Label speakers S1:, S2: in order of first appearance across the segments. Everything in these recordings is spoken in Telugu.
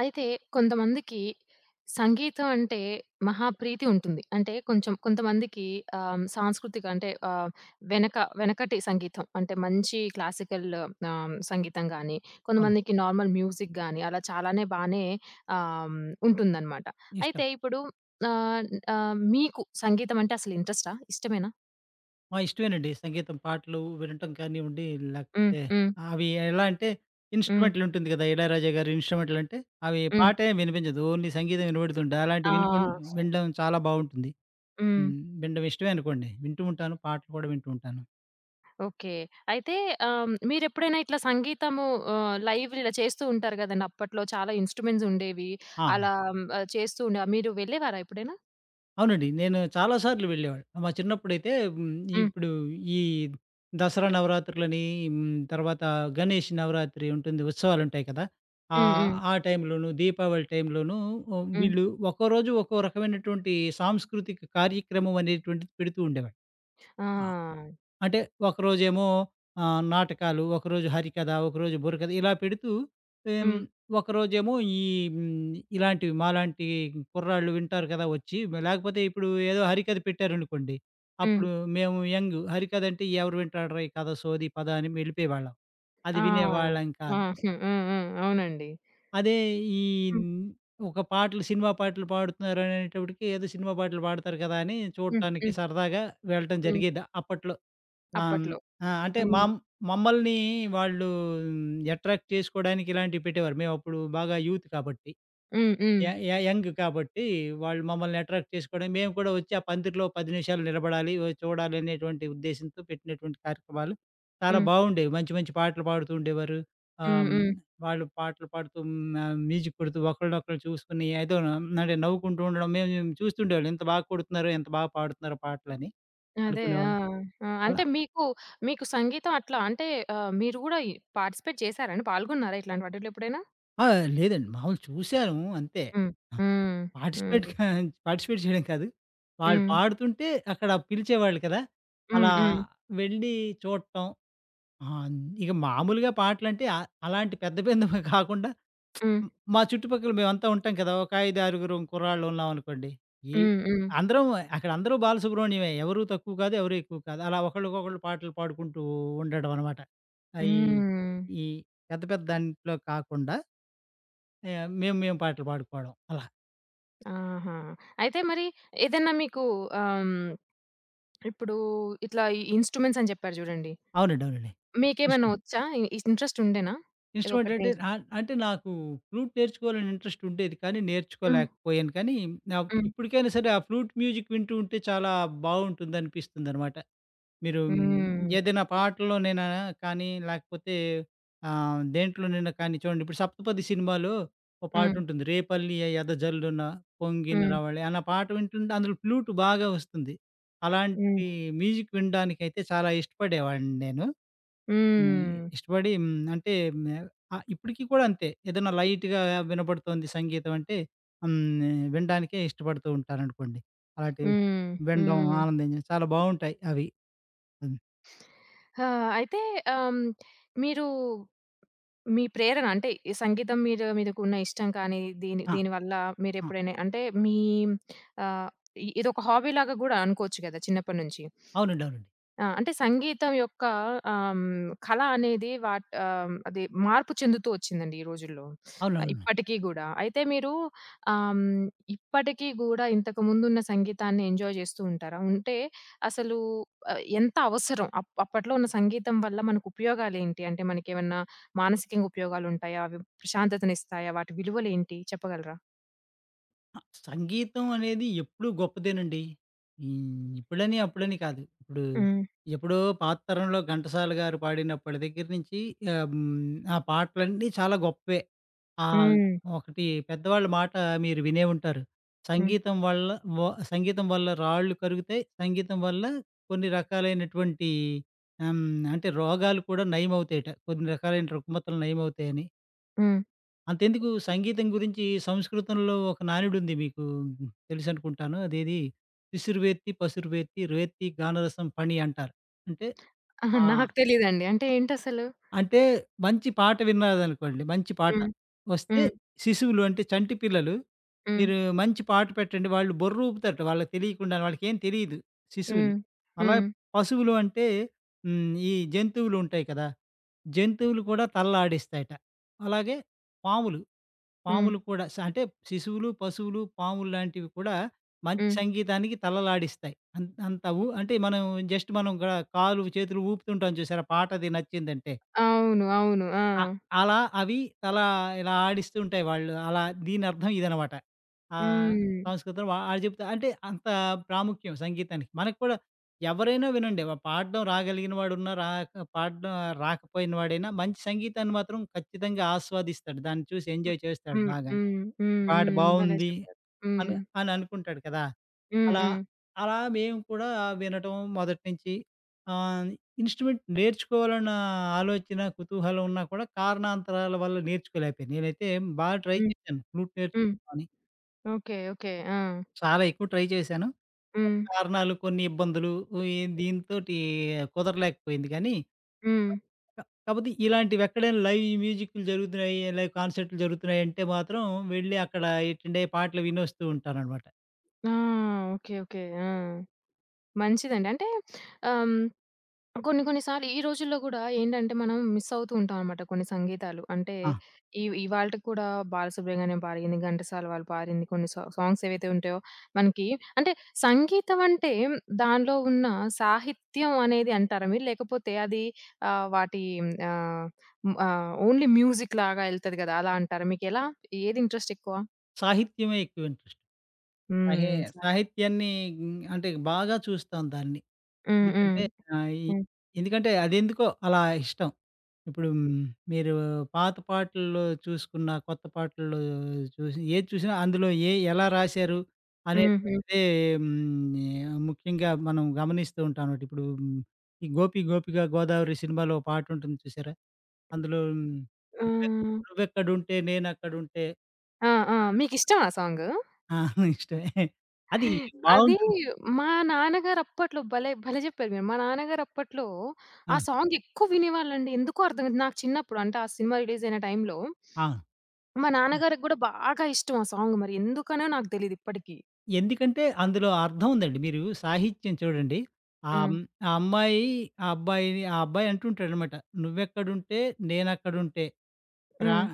S1: అయితే, కొంతమందికి సంగీతం అంటే, మహా ప్రీతి ఉంటుంది. అంటే, కొంచెం కొంతమందికి ఆహ్, సాంస్కృతిక అంటే ఆహ్, వెనక వెనకటి సంగీతం. అంటే మంచి క్లాసికల్లు ఆహ్, హ్మ్, సంగీతం గానీ,
S2: అవును.
S1: కొంతమందికి నార్మల్ మ్యూజిక్ గానీ, అలా చాలానే బానే ఆహ్, ఉంటుందన్నమాట.
S2: ఇష్టం.
S1: అయితే ఇప్పుడు ఆన్ ఆహ్, మీకు సంగీతమంటే అసలు ఇంట్రస్టా? ఇష్టమేనా?
S2: ఆ! ఇష్టమేనండి. సంగీతం, పాటలు వినటం కానివ్వండి,
S1: హ్మ్,
S2: లేకపోతే
S1: హ్మ్.
S2: అవి ఎలా అంటే
S1: హ్మ్.
S2: ఇన్‌స్ట్రుమెంట్లుంటుంది కదా! ఇళయరాజా గారి ఇన్‌స్ట్రుమెంట్లుంటే, అవి
S1: హ్మ్.
S2: పాట ఏమి వినిపించదు. ఓన్లీ సంగీతం వినపడుతుంటే అలాంటివి వినకుం
S1: ఆ!
S2: వినడం చాలా బావుంటుంది.
S1: హ్మ్.
S2: హ్మ్, వినడం ఇష్టమే అనుకోండి. వింటూ ఉంటాను, పాటలు కూడా వింటూ ఉంటాను.
S1: ఓకే. అయితే ఆహ్, హ్మ్, మీరెప్పుడైనా ఇట్లా సంగీతము ఆహ్, లైవ్ ఇలా చేస్తూ ఉంటారు కదండీ. అప్పట్లో చాలా ఇన్‌స్ట్రుమెంట్స్ ఉండేవి.
S2: ఆ!
S1: అలా హ్మ్, చేస్తూండా మీరు వెళ్లేవారా ఎప్పుడైనా?
S2: అవునండి. నేను చాలా సార్లు వెళ్లేవాడిని. మా చిన్నప్పుడైతే హ్మ్,
S1: హ్మ్.
S2: ఇప్పుడు ఈ దసరా నవరాత్రులని, హ్మ్, తర్వాత గణేష్ నవరాత్రి ఉంటుంది, ఉత్సవాలుంటాయి కదా.
S1: హ్మ్,
S2: ఆహ్,
S1: హ్మ్.
S2: ఆ టైంలోను, దీపావళి టైంలోనూ హ్మ్,
S1: హ్మ్.
S2: వీళ్ళు ఒక్కో రోజు ఒక్కో రకమైనటువంటి సాంస్కృతిక కార్యక్రమం అనేటువంటిది పెడుతూ ఉండేవాళ్ళు. ఆ!
S1: ఆ!
S2: అంటే ఒకరోజేమో ఆహ్, నాటకాలు, ఒకరోజు హరికథ, ఒకరోజు బుర్రకథ ఇలా పెడుతూ, హ్మ్,
S1: హ్మ్.
S2: ఒకరోజేమో ఈ హ్మ్, ఇలాంటివి మాలాంటి కుర్రాళ్ళు వింటారు కదా వచ్చి. లేకపోతే ఇప్పుడు ఏదో హరికథ పెట్టారనుకోండి,
S1: హ్మ్.
S2: అప్పుడు మేము యంగు. హరికథ అంటే, ఎవరు వింటాడ్రా ఈ కథ సోది, పద అని వెళ్లిపోయేవాళ్ళం.
S1: ఆ!
S2: అది వినేవాళ్ళం
S1: ఆ!
S2: కాదు.
S1: ఆ! అవునండి.
S2: అదే, ఈ
S1: హ్మ్.
S2: హ్మ్, ఒక పాటలు సినిమా పాటలు పాడుతున్నారనేటప్పటికి, ఏదో సినిమా పాటలు పాడతారు కదా అని,
S1: హ్మ్,
S2: చూడటానికి
S1: హ్మ్.
S2: సరదాగా వెళ్లటం
S1: హ్మ్.
S2: జరిగేది అప్పట్లో. ఆహ్, హ్మ్,
S1: అప్పట్లో.
S2: ఆ! అంటే
S1: హ్మ్.
S2: మామ్ మమ్మల్ని వాళ్ళూ అట్రాక్ట్ చేసుకోడానికి ఇలాంటివి పెట్టేవారు. మేమప్పుడు బాగా యూత్ కాబట్టి.
S1: హ్మ్, హ్మ్.
S2: య య యంగ్ కాబట్టి వాళ్ళు మమ్మల్ని అట్రాక్ట్ చేసుకోవడం మేము కూడా వచ్చి ఆ పందిరిలో 10 నిమిషాలు నిలబడాలి, వొయ్ చూడాలి అనేటువంటి ఉద్దేశ్యంతో పెట్టినటువంటి కార్యక్రమాలు చాలా
S1: హ్మ్.
S2: బావుండేవి. మంచి, మంచి పాటలు పాడుతూ ఉండేవారు. ఆహ్,
S1: హ్మ్,
S2: హ్మ్,
S1: హ్మ్.
S2: వాళ్ళు పాటలు పాడుతూ, హ్మ్, ఆహ్, మ్యూజిక్ కొడుతూ, ఒకరినొకరు చూసుకొని ఏదోను అంటే, నవ్వుకుంటూ ఉండడం మేము, మేము చూస్తూ ఉండేవాళ్ళం. ఎంత బాగా కొడుతున్నారో, ఎంత బాగా పాడుతున్నారో పాటలని
S1: అదే. ఆ!
S2: అనుకునేవాళ్ళం.
S1: ఆ!
S2: అలా
S1: అంటే మీకు, మీకు సంగీతం అట్లా అంటే ఆహ్, మీరు కూడా పార్టిసిపేట్ చేసారండి? పాల్గొన్నారా? ఇట్లాంటి వాటిలో ఎప్పుడైనా?
S2: ఆ! లేదండి మామూలుగా చూశాను అంతే.
S1: హ్మ్.
S2: ఆ!
S1: హ్మ్.
S2: పార్టిసిపేట్
S1: హ్మ్.
S2: కా పార్టిసిపేట్ చేయడం కాదు. వాళ్ళు
S1: హ్మ్.
S2: పాడుతుంటే అక్కడ పిలిచేవాళ్ళు కదా!
S1: హ్మ్,
S2: అలా
S1: హ్మ్.
S2: వెళ్ళి చూడటం ఆహ్, ఇక మామూలుగా పాటలంటే అ అలాంటి పెద్ద, పెద్దవే కాకుండా,
S1: హ్మ్.
S2: మా చుట్టుపక్కల మేవంతా ఉంటాం కదా! ఒక ఐదారుగురు కుర్రాళ్ళు ఉన్నామనుకోండి, ఈ
S1: హ్మ్, హ్మ్.
S2: అందరం అక్కడ అందరూ బాలసుబ్రహ్మణ్యమే. ఎవరు తక్కువ కాదు, ఎవరు ఎక్కువ కాదు. అలా ఒకళ్ళకొకళ్ళు పాటలు పాడుకుంటూ, ఉండడం అనమాట ఆహ్, ఈ
S1: హ్మ్.
S2: ఈ పెద్ద, పెద్ద దాంట్లో కాకుండా ఆహ్, మేము, మేము పాటలు పాడుకోవడం అలా.
S1: ఆహా! అయితే మరి ఏదైనా మీకూ ఆహ్, హ్మ్, ఇప్పుడు ఇట్లా ఈ ఇన్‌స్ట్రుమెంట్సని చెప్పారు చూడండి,
S2: అవునండి. అవునండి.
S1: మీకేమైనా
S2: ఇన్సు
S1: వచ్చా? ఇ ఇంట్రెస్ట్ ఉండేనా?
S2: ఇన్‌స్ట్రుమెంట్
S1: ఏదోకటి
S2: అంటే
S1: నేర్
S2: ఆహ్, అంటే నాకు ఫ్లూట్ నేర్చుకోవాలని ఇంట్రెస్టుండేది. కానీ,
S1: హ్మ్.
S2: నేర్చుకోలేకపోయాను కానీ, నాక్
S1: హ్మ్.
S2: ఇప్పటికైనా సరే ఆ ఫ్లూట్ మ్యూజిక్ వింటూ ఉంటే చాలా బావుంటుంది అనిపిస్తుందనమాట. మీరూ హ్మ్,
S1: హ్మ్.
S2: ఏదైనా పాటల్లోనైనా కానీ లేకపోతే, ఆహ్, దేంట్లోనైనా కానీ చూడండి ఇప్పుడు 'సప్తపది' సినిమాలో ఒక
S1: హ్మ్.
S2: పాటుంటుంది 'రేపల్లె ఎదజల్లున పొంగిన
S1: హ్మ్.
S2: రావళి' అన్న పాట వింటుంటే అందులో ఫ్లూటు బాగా వస్తుంది.
S1: హ్మ్.
S2: అలాంటి మ్యూజిక్ వినడానికైతే చాలా ఇష్టపడేవాడిని నేను. నే
S1: హ్మ్.
S2: ఇష్టపడి హ్మ్, అంటే హ్మ్. ఆహ్, ఇప్పటికి కూడా అంతే ఏదైనా లైట్‌గా వినబడుతుంది సంగీతం అంటే ఆహ్, హ్మ్. వినడానికే ఇష్టపడుతూ ఉంటాననుకోండి. అలాంటివి
S1: హ్మ్.
S2: వినడం
S1: హ్మ్.
S2: ఆనందించ చాలా బావుంటాయి అవి. హ్మ్.
S1: ఆ! అయితే ఆహ్, హ్మ్, మీరు మీ ప్రేరణ అంటే ఈ సంగీతం మీద మీదకున్న ఇష్టం కానీ, దీని
S2: ఆ!
S1: దీని వల్ల
S2: ఆ!
S1: మీరెప్పుడైనా అంటే మీ ఆహ్, ఇ ఇదొక హాబీ లాగా గూడా అనుకోవచ్చు గదా! చిన్నప్పటి నుంచి.
S2: అవునండి. అవునండి.
S1: ఆ! అంటే సంగీతం యొక్క ఆహ్, హ్మ్, కళ అనేది వాట్ ఆహ్, హ్మ్, అది మార్పు చెందుతూ వచ్చిందండి ఈ రోజుల్లో. ఆహ్,
S2: అవునవును.
S1: ఇప్పటికీ గూడా అయితే మీరు ఆహ్, హ్మ్, ఇప్పటికి గూడా ఇంతకు ముందున్న సంగీతాన్ని ఎంజాయ్ చేస్తూ ఉంటారా? ఉంటే, అసలు ఎంత అవసరం? అప్ అప్పట్లో ఉన్న సంగీతం వల్ల మనకు ఉపయోగాలేంటి? అంటే మనకేమన్నా మానసికంగా ఉపయోగాలుంటాయా? అవి ప్రశాంతతను ఇస్తాయా? వాటి విలువలేంటి చెప్పగలరా?
S2: అ! సంగీతం అనేది ఎప్పుడూ గొప్పదేనండి. హ్మ్, ఇప్పుడని, అప్పుడని కాదు, ఇప్పుడు
S1: హ్మ్.
S2: ఎప్పుడో పాత తరంలో ఘంటసాల గారు పాడినప్పటి దగ్గర నుంచి ఆహ్, హ్మ్. ఆ పాటలన్నీ చాలా గొప్పే. ఆహ్,
S1: హ్మ్.
S2: ఒకటి పెద్దవాళ్ళ మాట మీరు వినే ఉంటారు
S1: హ్మ్.
S2: సంగీతం వల్ల వ సంగీతం వల్ల రాళ్ళు కరుగుతాయి, సంగీతం వల్ల కొన్ని రకాలైనటువంటి ఆహ్, హ్మ్. అంటే రోగాలు కూడా నయమవుతాయట. కొన్ని రకాలైన రుగ్మతలు నయమవుతాయని
S1: హ్మ్.
S2: అంతెందుకు సంగీతం గురించి సంస్కృతంలో ఒక నానుడు ఉంది మీకు తెలుసనుకుంటాను, అదేది శిసురువేత్తి పసురువేత్తి రేత్తి గానరసం ఫణి అంటారు అంటే
S1: అహా!
S2: ఆహ్
S1: నాకు తెలీదండి అంటే ఏంటసలు?
S2: అంటే మంచి పాట విన్నారనుకోండి, మంచి పాట
S1: హ్మ్.
S2: వస్తే
S1: హ్మ్.
S2: శిశువులు అంటే, చంటి పిల్లలు
S1: హ్మ్.
S2: మీరు మంచి పాట పెట్టండి వాళ్ళు బొర్ర ఊపుతారట. వాళ్ళకి తెలియకుండా వాళ్ళకేం తెలీదు. శిశువులు,
S1: హ్మ్.
S2: అలాగే
S1: హ్మ్.
S2: పశువులు అంటే, హ్మ్, ఈ జంతువులు ఉంటాయి కదా! జంతువులు కూడా తలలాడిస్తాయట. అలాగే పాములు,
S1: హ్మ్.
S2: పాములు కూడా శ్ అంటే శిశువులు, పశువులు, పాములు లాంటివి కూడా మంచి
S1: హ్మ్.
S2: సంగీతానికి తలలాడిస్తాయి. అంత్ అంతవు అంటె మనం జస్ట్ మనం గన కాలు, చేతులు ఊపుతుంటాం చూసారా పాట అది నచ్చిందంటే.
S1: అవును. అవును. ఆ!
S2: అ అలా అవి తలా ఇలా ఆడిస్తూ ఉంటాయి. వాళ్ళు అలా దీనర్థం ఇదనమాట. ఆహ్,
S1: హ్మ్.
S2: సంస్కృతంలో. వాడు చెప్తా అంటే అంత ప్రాముఖ్యం సంగీతానికి మనకు కూడా ఎవరైనా వినండి పాడడం రాగలిగిన వాడు ఉన్న రాక పాడడం రాకపోయిన వాడైనా మంచి సంగీతాన్ని మాత్రం ఖచ్చితంగా ఆస్వాదిస్తాడు దాన్ని చూసి
S1: హ్మ్.
S2: ఎంజాయ్ చేస్తాడు
S1: హ్మ్.
S2: బాగా.
S1: హ్మ్.
S2: పాట
S1: హ్మ్. భలే
S2: బావుంది
S1: చెప్పారు. హ్మ్.
S2: అని, అని అనుకుంటాడు కదా!
S1: హ్మ్.
S2: అలా
S1: హ్మ్.
S2: అలా మేము కూడా వినటం, మొదటి నుంచి ఆహ్, ఇన్స్ట్రుమెంట్ నేర్చుకోవాలన్న ఆలోచన, కుతూహలం ఉన్నా కూడా కారణాంతరాల వల్ల నేర్చుకోలేకపోయాను. నేనైతే బాగా ట్రై
S1: హ్మ్.
S2: చేశాను ఫ్లూట్
S1: హ్మ్.
S2: నేర్చుకుందామని.
S1: ఓకె. ఓకె. ఆ!
S2: చాలా ఎక్కువ ట్రై చేశాను, కొన్ని
S1: హ్మ్.
S2: కారణాలు, కొన్ని ఇబ్బందులు ఈ దీనితోటి కుదరలేకపోయింది గానీ
S1: హ్మ్.
S2: అ! క కాకపోతే ఇలాంటివి ఎక్కడైనా లైవ్ మ్యూజిక్లు జరుగుతున్నాయి, లైవ్ కాన్సెర్టులు జరుగుతున్నాయి అంటే మాత్రం వెళ్లి అక్కడ ఎటెండ్ అయ్యి పాటలు వినొస్తూ ఉంటాననమాట.
S1: ఆ! ఓకే. ఓకే. ఆ! మంచిదండి. అంటే ఆహ్, హ్మ్, కొన్ని, కొన్ని సార్లు ఈ రోజుల్లో గూడా ఏంటంటే, మనం మిస్సవుతూ ఉంటాం అన్నమాట కొన్ని సంగీతాలు. అంటే,
S2: ఆ!
S1: ఇవ్ ఇవాల్టికి కూడా బాలసుబ్రహ్మణ్యం పాడింది, ఘంటసాల వాళ్ళు పారింది కొన్ని సా సాంగ్స్ ఏవైతే ఉంటాయో, మనకి అంటే, సంగీతం అంటే, దానిలో ఉన్న సాహిత్యం అనేది అంటారా మీరు? లేకపోతే, అది ఆహ్, వాటి హ్మ్. ఆహ్, హ్మ్. ఆహ్, ఓన్లీ మ్యూజిక్ లాగా ఎళ్తది కదా! అలా అంటారా? మీకెలా ఏది ఇంట్రెస్ట్ ఎక్కువ?
S2: సాహిత్యమే ఎక్కువ ఇంట్రెస్ట్. సాహే
S1: హ్మ్. సా
S2: సాహిత్యాన్ని హ్మ్. ఆహ్, అంటే బాగా చూస్తాం దాన్ని.
S1: హ్మ్. హ్మ్.
S2: ఎందుకంటే ఆ! ఈ
S1: హ్మ్.
S2: ఎందుకంటే, అదెందుకో అలా ఇష్టం. ఇప్పుడు, హ్మ్. మీరు పాత పాటల్లో చూసుకున్న, కొత్త పాటల్లో చూసి ఏది చూసినా అందులో ఏయి ఎలా రాశారు,
S1: హుహు.
S2: అనేటువంటిది హ్మ్. ఆహ్, ముఖ్యంగా మనం గమనిస్తూ ఉంటాం అన్నమాట. ఇప్పుడు, హ్మ్. ఈ 'గోపి గోపికా గోదావరి' సినిమాలో ఓ పాటుంటుంది చూసారా? అందులో 'నువ్వు ఎక్
S1: ఆహ్
S2: నువ్వు ఎక్కడుంటే, నేను అక్కడుంటే
S1: ఆ! ఆ! మీకిష్టమా ఆ సాంగు?
S2: ప్రాణం' ఆ! ఇష్టమే. అది
S1: అది
S2: బావుంటుంది.
S1: మా నాన్న గారు అప్పట్లో భలే, భలే చెప్పారు. మా నాన్న గారు అప్పట్లో, ఆ
S2: ఆ!
S1: సాంగ్ ఎక్కువ వినేవాళ్ళండి. ఎందుకో అర్థం కాదు. నాకు చిన్నప్పుడు. అంటే ఆ సినిమా రిలీజయిన టైంలో
S2: ఆ!
S1: మా నాన్న
S2: అ!
S1: గారికి కూడా బాగా ఇష్టం ఆ సాంగ్ మరి ఎందుకనో నాకు తెలియదు ఇప్పటికి.
S2: ఎందుకంటే అందులో అర్థం ఉందండి. మీరు సాహిత్యం చూడండి
S1: హ్మ్.
S2: ఆహ్, ఆ అమ్మాయి, ఆ అబ్బాయిని, ఆ అబ్బాయి అంటూ ఉంటాడనమాట 'నువ్వేక్కడుంటే నేనక్కడుంటే' ప్ర
S1: హ్మ్,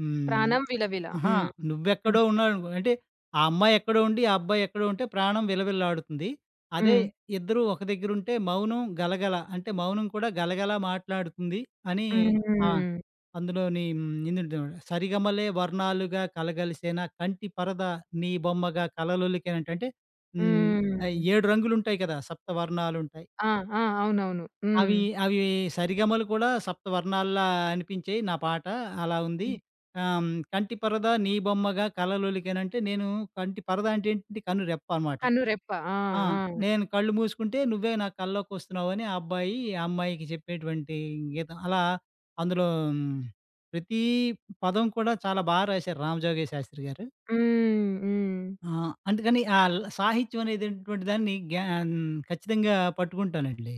S2: హ్మ్,
S1: ప్రాణం విలవిల
S2: ఆహా!
S1: హ్మ్.
S2: నువ్వు
S1: హ్మ్.
S2: ఎక్కడో ఉన్నావు అనుకో అంటే, ఆ అమ్మాయి ఎక్కడో ఉండి, ఆ అబ్బాయి ఎక్కడో ఉంటే ప్రాణం విలవిలలాడుతుంది. అదే
S1: హ్మ్.
S2: ఇద్దరు ఒక దగ్గర ఉంటే మౌనం గలగల, అంటే మౌనం కూడా గలగల మాట్లాడుతుంది అని
S1: హ్మ్
S2: ఆహ్,
S1: హ్మ్.
S2: అందులోని [unintelligible] 'సరిగమలే వర్ణాలుగా కలగలిసినా కంటి పరద నీ బొమ్మగా కలలొలికేన' అంటే హ్మ్, అయి
S1: హ్మ్.
S2: 7 రంగులుంటాయి కదా! సప్త వర్ణాలుంటాయి.
S1: ఆ! ఆ! అవునవును,
S2: అవి
S1: హ్మ్.
S2: అవి సరిగమలు కూడా సప్తవర్ణాల్లా అనిపించాయి నా పాట, అలా ఉంది.
S1: హ్మ్.
S2: ఆహ్, హ్మ్, కంటి పరద నీ బొమ్మగా కలలొలికేన అంటే, నేను కంటి పరద అంటే ఏంటి? కన్ను రెప్ప అనమాట.
S1: కన్ను రెప్ప. ఆ!
S2: ఆ!
S1: ఆ!
S2: నేను కళ్ళు మూసుకుంటే నువ్వే నా కల్లోకొస్తున్నావు అని ఆ అబ్బాయి, అమ్మాయికి చెప్పేటువంటి గీతం అలా అందులో ప్రతీ పదం కూడా చాలా బా రాశారు 'రామజోగయ్య శాస్త్రి' గారు.
S1: హ్మ్, హ్మ్.
S2: ఆహ్, అందుకని ఆల్ సాహిత్యం అనేటువంటి దాన్ని గ్యా హ్మ్, ఖచ్చితంగా పట్టుకుంటానండి.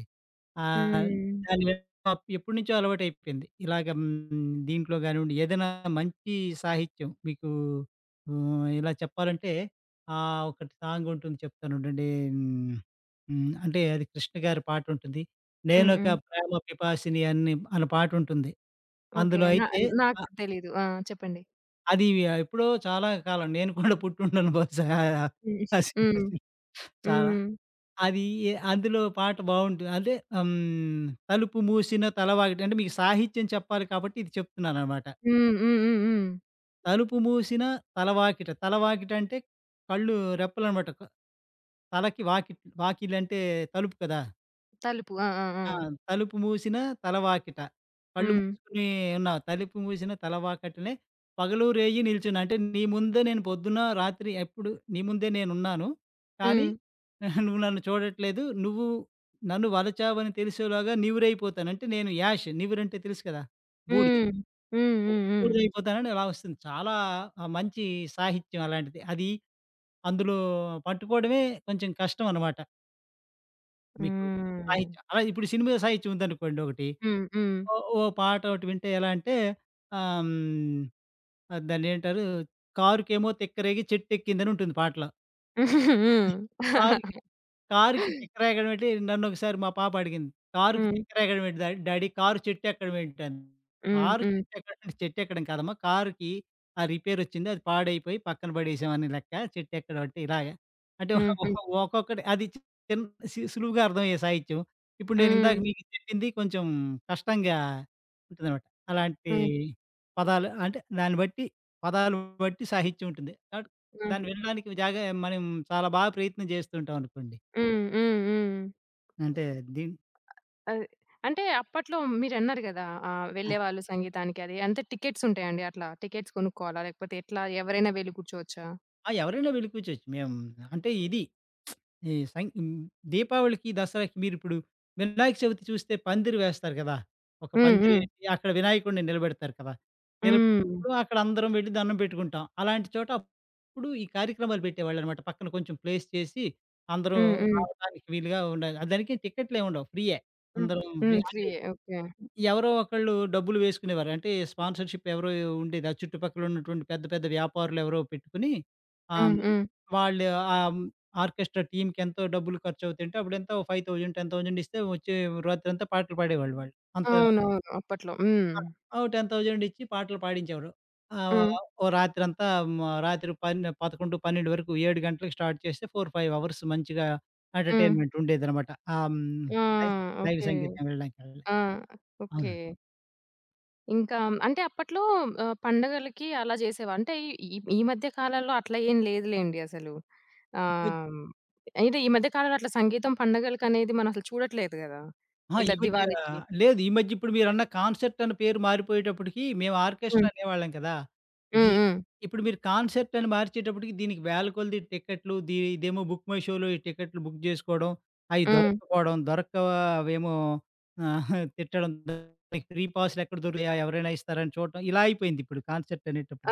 S2: ఆహ్,
S1: హ్మ్.
S2: దాని పప్ ఎప్పటినుంచో అలవాటు అయిపేంది. ఇలాగ హ్మ్, దీంట్లో కానివ్వండి. ఏదైనా మంచి సాహిత్యం మీకు ఆహ్, ఇలా చెప్పాలంటే ఆహ్, ఒకటి సాంగ్ ఉంటుంది చెప్తాను ఉండండి హ్మ్, అంటే అది కృష్ణ గారి పాట ఉంటుంది
S1: హ్మ్
S2: నేనొక
S1: హ్మ్.
S2: ప్రేమ పిపాసిని అని అనే పాట ఉంటుంది
S1: ఓకె
S2: అందులో
S1: నా
S2: అయితే. అ
S1: నాకు తెలీదు. ఆ! చెప్పండి.
S2: అది య ఎప్పుడో చాలా కాలం నేను కూడా పుట్టిండను బహుశా.
S1: హ్మ్ హ్మ్.
S2: [unintelligible] చాలా.
S1: హ్మ్.
S2: అది అందులో పాట బావుంటు అంటే ఆహ్, హ్మ్, తలుపు మూశిన తల వాకిట అంటే మీకు సాహిత్యం చెప్పాలి కాబట్టి, ఇది చెప్తున్నాననమాట.
S1: హ్మ్, హ్మ్, హ్మ్, హ్మ్.
S2: తలుపు మూసిన తలవాకిట. తలవాకిట అంటే, కళ్ళు రెప్పలనమాట తలకి వాక్ వాకిళ్లు అంటే తలుపు కదా!
S1: తలుపు. ఆ! ఆ!
S2: ఆ!
S1: ఆ!
S2: 'తలుపు మూసిన తలవాకిట.' కళ్ళు
S1: హ్మ్.
S2: మూసుకొని ఎన్నా తలుపు మూసిన తలవాకటనే పగలూ, రేయి నిలుచున్నా అంటే నీ ముందే నేను పొద్దున్న, రాత్రి ఎప్పుడు నీ ముందే నేను ఉన్నాను. కానీ,
S1: హ్మ్.
S2: నువ్వు నన్ను చూడట్లేదు, నువ్వు నన్ను వలచావు అని తెలిసేలోగా నివురు అయిపోతాను. అంటే నేను యాష్ నివురు అంటే తెలుసు కదా? బూడిద.
S1: హ్మ్. హ్మ్, హ్మ్, హ్మ్.
S2: బూడిద అయిపోతానని అలా వస్తుంది. చాలా ఆహ్, మంచి సాహిత్యం అలాంటిది. అది అందులో పట్టుకోవడమే కొంచెం కష్టం అనమాట. మీకు
S1: హ్మ్.
S2: సాహిత్యం. అలాగె ఇప్పుడు సినిమా సాహిత్యం ఉందనుకోండి ఒకటి,
S1: హ్మ్, హ్మ్.
S2: ఓ ఓ పాట ఒకటి వింటే ఎలా అంటే ఆహ్, హ్మ్, దాన్ని ఏంటారు కారుకెమో తిక్కరేగి చెట్టెక్కిందని ఉంటుంది పాటలో.
S1: హ్మ్.
S2: కారుకి కారుకి తిక్కరేగడమేంటి, నన్నొకసారి మా పాప అడిగింది, "కారుకి
S1: హ్మ్.
S2: తిక్కరేగడమేంటి డ్యాడీ. కారు చెట్టు ఎక్కడం ఏంటిని".
S1: హ్మ్,
S2: కారు
S1: హ్మ్.
S2: చెట్టు ఎక్కడ చెట్టు ఎక్కడం కాదమ్మా, కారుకి ఆహ్, రిపేర్ వచ్చింది అది పాడైపోయి పక్కన పడేసాం అని లెక్క. చెట్టెక్కడమంటే ఇలాగ అంటే ఓహ్
S1: హ్మ్. హ్మ్.
S2: ఓహ్ ఒక్కొక్కటి అది చిన్ సులువుగా అర్థమయ్యే సాహిత్యం. ఇప్పుడు నేనిందాక
S1: హ్మ్.
S2: మీకు చెప్పింది కొంచెం కష్టంగా ఉంటుందనమాట అలాంటి
S1: హ్మ్.
S2: పదాలు. అంటే దాన్ని బట్టి పదాలు బట్టి సాహిత్యం ఉంటుంది కాబట్టి
S1: హ్మ్.
S2: దాన్ని వినడానికి జాగ మనం చాలా బాగా ప్రయత్నం చేస్తూ ఉంటాం అనుకోండి.
S1: హ్మ్, హ్మ్, హ్మ్.
S2: అంటే దీని
S1: అది. అంటే, అప్పట్లో మీరన్నారు కదా ఆహ్,
S2: ఆ!
S1: వెళ్ళేవాళ్ళు సంగీతానికి అని అంటే టికెట్స్ ఉంటాయా అండి అట్లా? టికెట్స్ కొనుక్కోవాలా లేకపోతే ఎట్లా? ఎవరైనా వెళ్లి కూర్చోవచ్చా?
S2: ఆ! ఎవరైనా వెళ్ళి కూర్చోవచ్చు. మేమ్ అంటే, ఇది ఈ సన్ ఇన్ దీపావళికి, దసరాకి మీరిప్పుడు వినాయక చవితి చూస్తే పందిరి వేస్తారు కదా! ఒక
S1: హ్మ్. హ్మ్.
S2: పందిరేసి అక్కడ వినాయకుడిని నిలబెడతారు కదా!
S1: హ్మ్.
S2: నిలబెట్టినప్పుడు అక్కడ అందరం వెళ్లి దండం పెట్టుకుంటాం. అలాంటి చోట, అప్పుడు, ఈ కార్యక్రమాలు పెట్టేవాళ్ళన్నమాట, పక్కన కొంచెం ప్లేస్ చేసి, అందరూ
S1: హ్మ్. హ్మ్.
S2: రావడానికి వీలుగా ఉండాలి. ఆ! దానికి టికెట్లేముండవు ఫ్రీయే.
S1: హ్మ్.
S2: అందరం ఫ్రీ
S1: హ్మ్.
S2: అంటే,
S1: ఫ్రీయే. ఓకే
S2: ఎవరో ఒకళ్ళు డబ్బులు వేసుకునేవారు. అంటే స్పాన్సర్‌షిప్ ఎవరో ఉండేది. ఆ చుట్టుపక్కలున్నటువంటి పెద్ద, పెద్ద వ్యాపారులు ఎవరో పెట్టుకొని ఆహ్, హ్మ్,
S1: హ్మ్. హ్మ్.
S2: వాళ్ళు ఆహ్, హ్మ్, ఆర్కెస్ట్రా టీమ్‌కెంతో డబ్బులు ఖర్చు అవుతయంటే అప్పుడంతా 5000, 10000 ఇస్తే వచ్చే రాత్రంతా పాటలు పాడేవాళ్ళు వాళ్ళు అంత
S1: అవునవును అప్పట్లో. హ్మ్.
S2: ఆ! ఓ 10000 ఇచ్చి పాటలు పాడించేవారు. ఆహ్,
S1: హ్మ్.
S2: ఓ రాత్రంతా మ రాత్రి పన్ 11, 12 వరకు, 7 గంటలకి స్టార్ట్ చేస్తే, 4, 5 అవర్స్ మంచిగా
S1: హ్మ్.
S2: ఎంటర్‌టైన్మెంటుండేదనమాట. ఆహ్, హ్మ్.
S1: ఆ!
S2: లై లైవ్
S1: ఓకే.
S2: సంగీతం వినడానికి వెళ్
S1: ఆ! ఓకే.
S2: అవునండి.
S1: ఇంకా హ్మ్, అంటే అప్పట్లో ఆహ్, పండగలకి అలా చేసేవా అంటే ఈ ఈ మధ్య కాలంలో అట్లా ఏమి లేదులేండి అసలు.
S2: ఈ మధ్
S1: ఆహ్, హ్మ్. అయితే, ఈ మధ్య కాలంలో అట్లా సంగీతం పండగలకనేది మనం అసలు చూడట్లేదు కదా!
S2: ఆ! ఈ
S1: ఇట్లా
S2: మధ్య
S1: దివాళికి.
S2: లేదు ఈ మధ్య ఇప్పుడు మీరన్న కాన్సెర్టనే పేరు మారిపోయేటప్పటికి, మేము ఆర్కెస్ట్రా
S1: హ్మ్.
S2: అనేవాళ్ళం కదా!
S1: హ్మ్,
S2: దీన్ని
S1: హ్మ్.
S2: ఇప్పుడు మీరు కాన్సెర్టని మార్చేటప్పటికి దీనికి వేలకొలది టికెట్లు, ది ఇదేమో బుక్ మై షోలో ఈ టికెట్లు బుక్ చేసుకోడం, అయ్యి
S1: హ్మ్.
S2: దొరకకపోవడం దొరక్క అవేమో తిట్టడం ఫ్రీ పాస్లేక్కడ దొరికుతాయ, ఆహ్, ఎవరైనా ఇస్తారా అని చూడటం. ఇలా అయిపోయిందిప్పుడు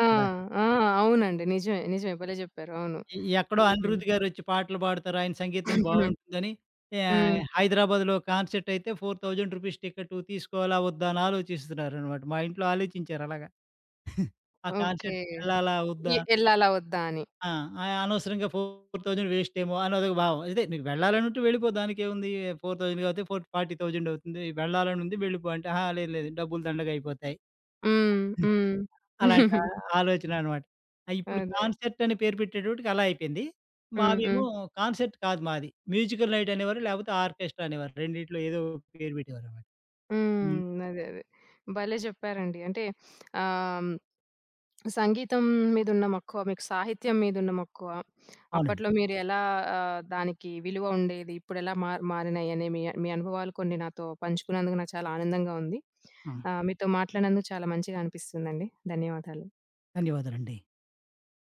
S1: ఆ!
S2: కదా!
S1: ఆ! అవునండి నిజమే. నిజమే. భలే చెప్పారు. అవును.
S2: ఎ ఎక్కడో
S1: హ్మ్.
S2: అనిరుద్ గారొచ్చి పాటలు పాడుతారు. ఆయన సంగీతం బావుంటుందని యా
S1: హ్మ్.
S2: హైదరాబాద్‌లో కాన్సెర్టైతే రూ. 4000 టికెటు తీసుకోవాలా, వద్దా! అని ఆలోచిస్తున్నారన్నమాట. మా ఇంట్లో ఆలోచించారు అలాగా. ఆ
S1: ఓకె.
S2: కాన్సెర్ట్‌కెళ్ళాలా వద్దా?
S1: ఎ ఎళ్ళాలా వద్దా? అని.
S2: ఆ! అయనవసరంగా 4000 వేస్టేమో అని అదొక భావం. అదే నీకు వెళ్ళాలనుంటే వెళ్ళిపో దానికెముంది, 4000 కాతే, ఫోట్ ఫార్టీ థౌసండ్ అవుతుంది వెళ్ళాలని ఉంది వెళ్ళిపో అంటే, అహా! లేదు లేదు డబ్బులు దండగా అయిపోతాయి.
S1: హ్మ్.
S2: హ్మ్.
S1: హ్మ్.
S2: అలాంటి ఆలోచనన్నమాట. అయిప్పుడు
S1: అదే.
S2: కాన్సెర్టని పేరు పెట్టేటప్పటికి అలా అయిపోయింది.
S1: హ్మ్, హ్మ్.
S2: మాదేమో కాన్సెర్ట్ కాదు మాది. మ్యూజికల్ నైటనేవారు లేకపోతే ఆర్కెస్ట్రా అనేవారు రెండిట్లో ఏదో ఒక పేరు పెట్టేవారన్నమాట. హ్మ్.
S1: హ్మ్. అదే, అదే. భలే చెప్పారండి. అంటే, ఆహ్, హ్మ్. సంగీతం మీదున్న మక్కువ, మీకు సాహిత్యం మీదున్న మక్కువ,
S2: అవునండి.
S1: అప్పట్లో మీరెలా ఆహ్, దానికి విలువ ఉండేది. ఇప్పుడెలా మా మారినాయి అని మీ అన్ మీ అనుభవాలు కొన్ని నాతో పంచుకున్నందుకు నాకు చాలా ఆనందంగా ఉంది.
S2: ఆ!
S1: ఆహ్, మీతో మాట్లాడినందుకు చాలా మంచిగా అనిపిస్తుందండి. ధన్యవాదాలు.
S2: ధన్యవాదాలండి.